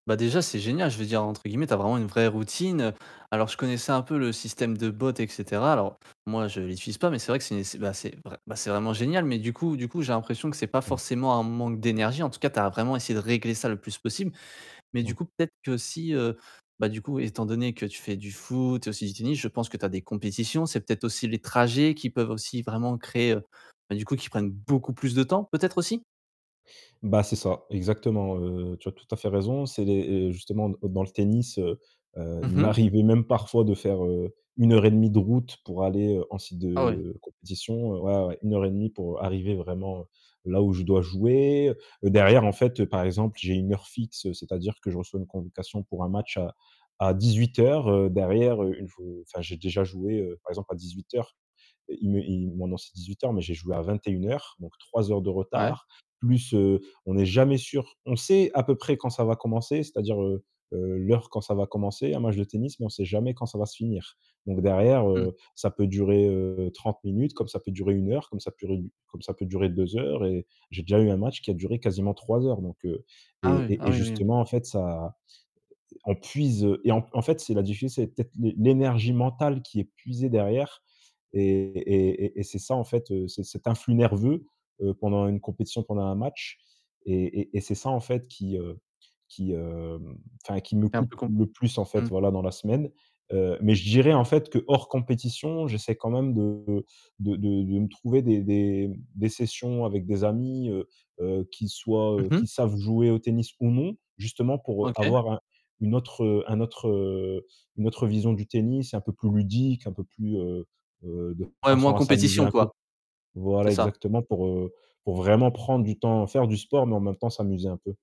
Bah, déjà c'est génial je veux dire, entre guillemets, tu as vraiment une «vraie routine». Alors je connaissais un peu le système de bot et cetera. Alors moi je l'utilise pas mais c'est vrai que c'est c'est, bah, c'est vrai bah, vraiment génial mais du coup du coup j'ai l'impression que c'est pas Mmh. forcément un manque d'énergie, en tout cas, tu as vraiment essayé de régler ça le plus possible. Mais du Ouais. coup, peut-être que si heu, bah, du coup, oui, étant donné que tu fais du foot et aussi du tennis, je pense que tu as des compétitions. C'est peut-être aussi les trajets qui peuvent aussi vraiment créer, ben, du coup, qui prennent beaucoup plus de temps, peut-être aussi? Bah, c'est ça exactement, heu, tu as tout à fait raison, c'est les heu, justement d dans le tennis, heu heu, Mmh il mh. m'arrivait même parfois de faire, heu, 1 heure et demie de route pour aller, heu, en site Ah ouais. de compétition, ouais, ouais, ouais, 1 heure et demie pour arriver vraiment là où je dois jouer, derrière en fait, par exemple, j'ai une heure fixe, c'est-à-dire que je reçois une convocation pour un match à à 18:00 derrière, heu, une f heu, enfin j'ai déjà joué, heu, par exemple, à 18:00 heu, il me il m maintenant c'est 18:00 mais j'ai joué à 21:00 donc 3 heures de Ouais. retard plus, heu, on n'est jamais sûr, on sait à peu près quand ça va commencer, c'est-à-dire, heu heu, l'heure quand ça va commencer un match de tennis, mais on sait jamais quand ça va se finir. Donc derrière, Mmh. heu, ça peut durer, heu, 30 minutes, comme ça peut durer 1 heure, comme ça purée du comme ça peut durer 2 heures et j'ai déjà eu un match qui a duré quasiment 3 heures donc, heu, Ah et oui, et ah et oui, oui. justement, en fait, ça, heu, on puise et en en fait c'est la diffi c'est peut-être l'é l'énergie mentale qui est puisée derrière et et et et c'est ça en fait, c'est cet influx nerveux, heu, pendant une compétition, pendant un match et et et c'est ça, en fait, qui, heu, qui, hem, enfin qui me C'est un coûte peu comp le plus en mmh. fait, voilà dans la semaine. Heu, mais je dirais en fait que hors compétition, j'essaie quand même de de de de me trouver des des m des sessions avec des amis, heu heu, qui soient, Mmh heu, mh. qui savent jouer au tennis ou non justement pour OK. avoir un une autre, heu, un autre, heu, une autre vision du tennis un peu plus ludique, un peu plus, heu heu, de Ouais, moins en façon à s'amuser compétition, un peu. quoi. Voilà, C'est ça. exactement pour, heu, pour vraiment prendre du temps, faire du sport, mais en même temps s'amuser un peu.